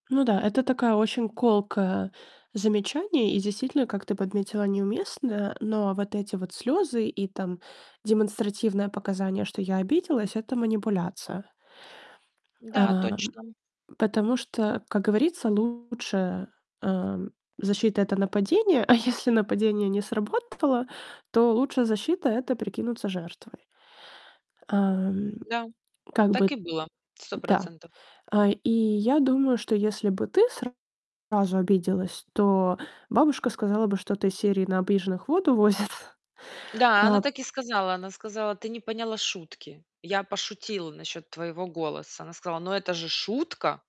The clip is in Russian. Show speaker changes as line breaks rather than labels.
Ну да, это такая очень колкое замечание и действительно, как ты подметила, неуместное. Но вот эти вот слёзы и, там, демонстративное показание, что я обиделась- это манипуляция.
Да,
А,
точно.
потому что, как говорится, лучше, э, защита- это нападение. А если нападение не сработало, то лучшая защита- это прикинуться жертвой. А,
Да,
как
так и
бы.
было. сто
Да.
процентов.
А, и я думаю, что если бы ты сразу обиделась, то бабушка сказала бы что-то из серии: "На обиженных воду возят".
Да, она
А.
так и сказала. Она сказала: "Ты не поняла шутки. Я пошутила насчет твоего голоса". Она сказала: "Ну, это же шутка".